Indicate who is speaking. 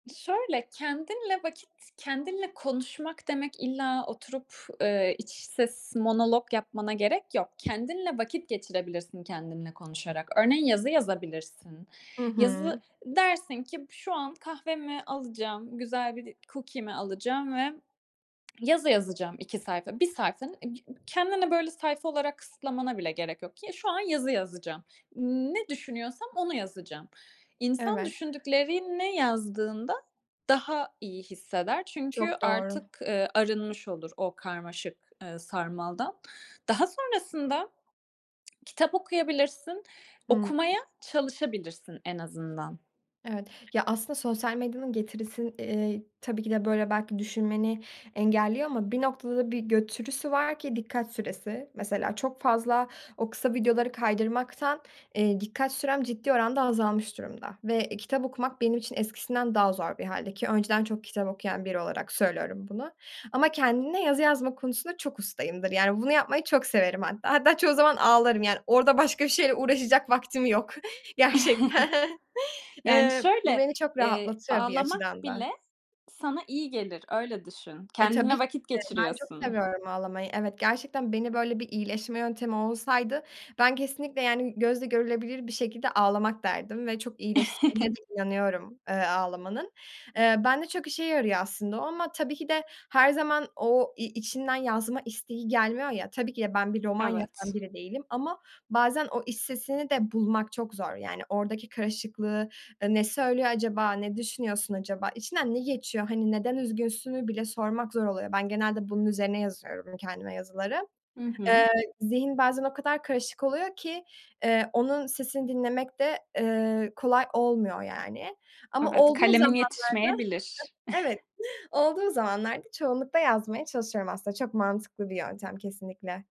Speaker 1: Şöyle kendinle vakit kendinle konuşmak demek illa oturup, eee, iç ses monolog yapmana gerek yok. Kendinle vakit geçirebilirsin kendinle konuşarak. Örneğin yazı yazabilirsin.
Speaker 2: Hı
Speaker 1: Yazı,
Speaker 2: hı.
Speaker 1: dersin ki b şu an kahvemi alacağım, güzel bir de cookie'mi alacağım ve yazı yazacağım 2 sayfa, 1 sayfa. Ig ıg kendine böyle sayfa olarak kısıtlamana bile gerek yok ki şu an yazı yazacağım. Ne düşünüyorsam onu yazacağım. İnsan
Speaker 2: Evet.
Speaker 1: düşündüklerini yazdığında daha iyi hisseder. Çünkü
Speaker 2: Çok doğru.
Speaker 1: artık, eee, arınmış olur o karmaşık, eee, sarmaldan. Daha sonrasında kitap okuyabilirsin,
Speaker 2: Hıı.
Speaker 1: okumaya çalışabilirsin en azından.
Speaker 2: Evet. Ya aslında sosyal medyanın getirisin eee tabii ki de böyle belki düşünmeni engelliyor ama bir noktada bir götürüsü var ki dikkat süresi, mesela çok fazla o kısa videoları kaydırmaktan, eee, dikkat sürem ciddi oranda azalmış durumda ve, eee, kitap okumak benim için eskisinden daha zor bir hâlde ki, önceden çok kitap okuyan biri olarak söylüyorum bunu. Ama kendine yazı yazma konusunda çok ustayımdır. Yani bunu yapmayı çok severim hatta, hatta çoğu zaman ağlarım yani orada başka bir şeyle uğraşacak vaktim yok gerçekten,
Speaker 1: Yani
Speaker 2: eee, bu
Speaker 1: şöyle,
Speaker 2: beni çok
Speaker 1: eee,
Speaker 2: rahatlatıyor bir
Speaker 1: ağlamak
Speaker 2: açıdan da.
Speaker 1: bile sana iyi gelir, öyle düşün.
Speaker 2: E, tabii
Speaker 1: Kendinle
Speaker 2: ki
Speaker 1: vakit
Speaker 2: de ben çok
Speaker 1: geçiriyorsun.
Speaker 2: seviyorum ağlamayı. Evet gerçekten beni böyle bir iyileşme yöntemi olsaydı ben kesinlikle yani gözle görülebilir bir şekilde ağlamak derdim ve çok iyileştirdiğine de inanıyorum, eee, ağlamanın. Eee, ben de çok işe yarıyor aslında o ama tabii ki de her zaman o i içinden yazma isteği gelmiyor ya tabii ki de ben bir roman
Speaker 1: Evet.
Speaker 2: yazan bile değilim ama bazen o iç sesini de bulmak çok zor. Yani oradaki karışıklığı, eee, ne söylüyor acaba, ne düşünüyorsun acaba, içinden ne geçiyor, hani neden üzgünsünü bile sormak zor oluyor. Ben genelde bunun üzerine yazıyorum, kendime yazıları.
Speaker 1: Hı
Speaker 2: Eee,
Speaker 1: hı.
Speaker 2: zihin bazen o kadar karışık oluyor ki, eee, onun sesini dinlemek de, eee, kolay olmuyor yani. Ama
Speaker 1: Evet,
Speaker 2: olduğu
Speaker 1: kalemin
Speaker 2: zamanlarda,
Speaker 1: yetişmeyebilir.
Speaker 2: [unintelligible] evet, olduğu zamanlarda çoğunlukta yazmaya çalışıyorum aslında, çok mantıklı bir yöntem, kesinlikle.